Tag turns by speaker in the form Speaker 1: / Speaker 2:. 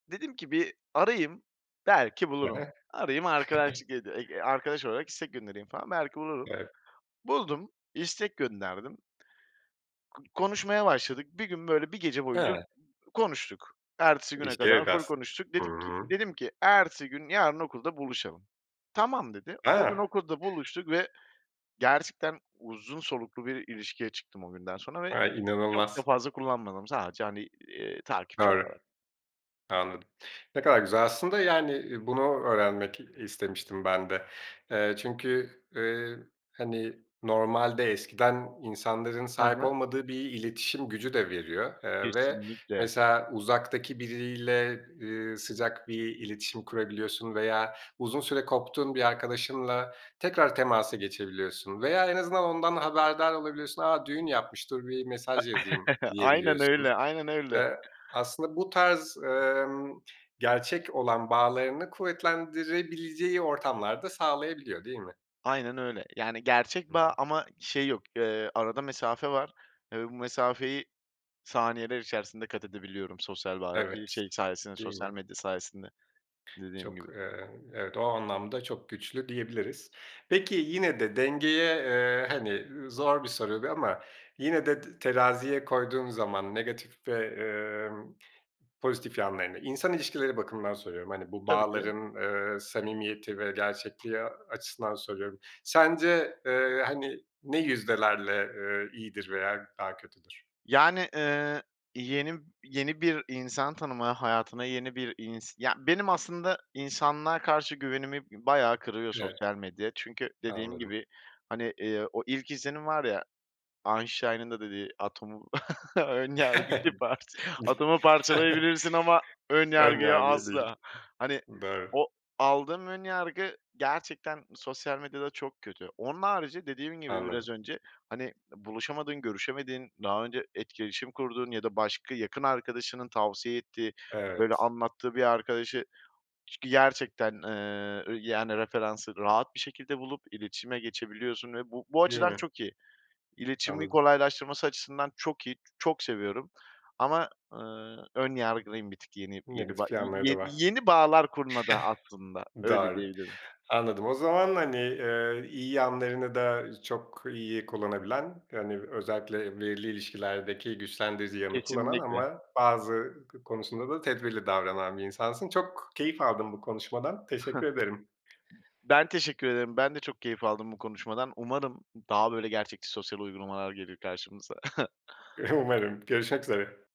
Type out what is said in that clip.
Speaker 1: Dedim ki, bir arayayım, belki
Speaker 2: He he.
Speaker 1: bulurum. Arayayım arkadaşlık edi ege arkadaş olarak istek göndereyim falan, belki bulurum.
Speaker 2: Evet.
Speaker 1: Buldum, istek gönderdim. K konuşmaya başladık, bir gün böyle, 1 gece boyunca, uuu,
Speaker 2: Ha.
Speaker 1: konuştuk. Ertesi güne
Speaker 2: İşte
Speaker 1: kadar
Speaker 2: yok
Speaker 1: ful
Speaker 2: as
Speaker 1: konuştuk.
Speaker 2: hı
Speaker 1: Dedik ki
Speaker 2: hı.
Speaker 1: dedim k: "Ertesi gün yarın okulda buluşalım." "Tamam." dedi. O gün
Speaker 2: Ha.
Speaker 1: okulda buluştuk ve gerçekten uzun soluklu bir ilişkiye çıktım o günden sonra ve
Speaker 2: Ay,
Speaker 1: çok da
Speaker 2: inanılmaz.
Speaker 1: fazla kullanmadım sadece, hani, iii, takipçi
Speaker 2: Doğru.
Speaker 1: olarak.
Speaker 2: Anladım. Ne kadar güzel aslında. Yani, iii, bunu öğrenmek, iii, istemiştim ben de. Eee, çünkü, eee, hani, normalde eskiden insanların
Speaker 1: He
Speaker 2: sahip
Speaker 1: he.
Speaker 2: olmadığı bir iletişim gücü de veriyor, eee, ve
Speaker 1: Kesinlikle.
Speaker 2: mesela, uzaktaki biriyle, eee, sıcak bir iletişim kurabiliyorsun veya uzun süre koptuğun bir arkadaşınla tekrar temasa geçebiliyorsun veya en azından ondan haberdar olabiliyorsun, "A! Düğün yapmıştı bir
Speaker 1: E
Speaker 2: mesaj yazayım."
Speaker 1: aynen
Speaker 2: diyebiliyorsun.
Speaker 1: öyle, aynen öyle.
Speaker 2: Eee, aslında bu tarz, emm, gerçek olan bağlarını kuvvetlendirebileceği ortamlarda sağlayabiliyor, değil mi?
Speaker 1: Aynen öyle, yani,
Speaker 2: Hı
Speaker 1: gerçek
Speaker 2: hı.
Speaker 1: bağ ama şey yok. Eee, arada mesafe var. Ve bu mesafeyi saniyeler içerisinde kat edebiliyorum. Sosyal bağ eee,
Speaker 2: Evet,
Speaker 1: şey sayesinde,
Speaker 2: değil
Speaker 1: sosyal
Speaker 2: mi?
Speaker 1: medya sayesinde, dediğim
Speaker 2: Çok,
Speaker 1: gibi.
Speaker 2: eee, evet, o anlamda çok güçlü diyebiliriz. Peki yine de dengeye, eee, hani, ııı, zor bir soru bu ama yine de t teraziye koyduğun zaman, negatif ve, emm, pozitif yanlarını, insan ilişkileri bakımından soruyorum, hani, bu
Speaker 1: Tabii ki de.
Speaker 2: bağların, ııı, samimiyeti ve gerçekliği, aaa, açısından soruyorum. Sence, eee, hani, ne yüzdelerle, eee, iyidir veya daha kötüdür?
Speaker 1: Yani, ııı, yeni yeni bir insan tanıma, hayatına yeni bir ins ya benim aslında insanlığa karşı güvenimi bi bayağı kırıyor
Speaker 2: Evet.
Speaker 1: sosyal medya çünkü dediğim
Speaker 2: Anladım.
Speaker 1: gibi, hani, iii, o ilk izlenim var ya Einstein'ın da dediği atomu, ön yargıyı parç "Atomu parçalayabilirsin ama ön
Speaker 2: Ön
Speaker 1: yargıyı
Speaker 2: yargıyı değil,
Speaker 1: asla." Hani,
Speaker 2: doğru.
Speaker 1: o, aldığım ön yargı gerçekten sosyal medyada çok kötü. Onun harici dediğim gibi biraz
Speaker 2: Anladım.
Speaker 1: önce, hani, eee, buluşamadığın, görüşemediğin, daha önce etkileşim kurduğun ya da başka yakın arkadaşının tavsiye ettiği böyle
Speaker 2: Evet.
Speaker 1: anlattığı bir arkadaşı ç g gerçekten, eee, ö yani referansı rahat bir şekilde bulup, iletişime geçebiliyorsun ve bu bu
Speaker 2: Değil
Speaker 1: açıdan
Speaker 2: mi?
Speaker 1: çok iyi İletişimi
Speaker 2: Anladım.
Speaker 1: kolaylaştırması açısından çok iyi, çok seviyorum. Ama, ııı, ön yargılayım bir tık yeni, yeni bağ
Speaker 2: Negatif
Speaker 1: y
Speaker 2: yanları
Speaker 1: ye
Speaker 2: da
Speaker 1: ye
Speaker 2: var.
Speaker 1: yeni bağlar kurmada aslında, öyle
Speaker 2: Doğru,
Speaker 1: diyebilirim.
Speaker 2: anladım. O zaman, hani, eee, iyi yanlarını da çok iyi kullanabilen, hani, özellikle, eee, belirli ilişkilerdeki güçlendirici yanını kullanan
Speaker 1: Kesinlikle.
Speaker 2: ama bazı k konusunda da tedbirli davranan bir insansın. Çok keyif aldım bu konuşmadan, teşekkür ederim.
Speaker 1: B ben teşekkür ederim. Ben de çok keyif aldım bu konuşmadan. Umarım d daha böyle gerçekçi sosyal uygulamalar gelir karşımıza.
Speaker 2: Umarım, görüşmek üzere.